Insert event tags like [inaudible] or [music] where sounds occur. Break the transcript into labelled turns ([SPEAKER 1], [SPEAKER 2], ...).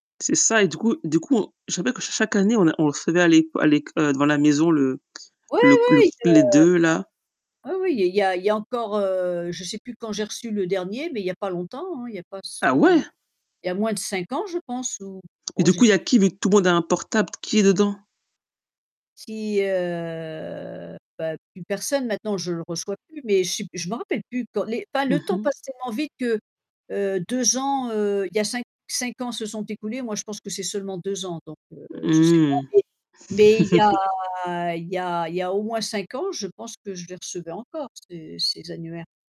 [SPEAKER 1] C'est ça, et du coup du coup, on je me rappelle que ch chaque année on a on le recevait, à l'éc à l'éc heu, devant la maison le
[SPEAKER 2] Ouais,
[SPEAKER 1] le q le q
[SPEAKER 2] ouais, il, heu.
[SPEAKER 1] les 2 là.
[SPEAKER 2] [unintelligible] Oui, oui, il y il y a il y a encore, heu, je sais plus quand j'ai reçu le dernier, mais il y a pas longtemps, hein, il y a pas ce
[SPEAKER 1] Ah ouais?
[SPEAKER 2] il y a moins de 5 ans, je pense, ou
[SPEAKER 1] Et
[SPEAKER 2] oh,
[SPEAKER 1] du
[SPEAKER 2] je
[SPEAKER 1] coup, il y
[SPEAKER 2] sais
[SPEAKER 1] a qui? Vu que tout le monde a un portable, t qui est dedans?
[SPEAKER 2] S si, heu, bah, plus personne, maintenant, je le reçois plus, mais che je me rappelle plus quand les enfin le
[SPEAKER 1] Mmh
[SPEAKER 2] temps
[SPEAKER 1] mh.
[SPEAKER 2] passe tellement vite que heu, 2 ans heu, il y a 5 5 ans se sont écoulés, moi je pense que c'est seulement 2 ans, donc, heu, je sais pas
[SPEAKER 1] Mmh.
[SPEAKER 2] mais mais il y
[SPEAKER 1] [laughs]
[SPEAKER 2] a il y a il y a au moins 5 ans, je pense que je les recevais encore, ces ces annuaires.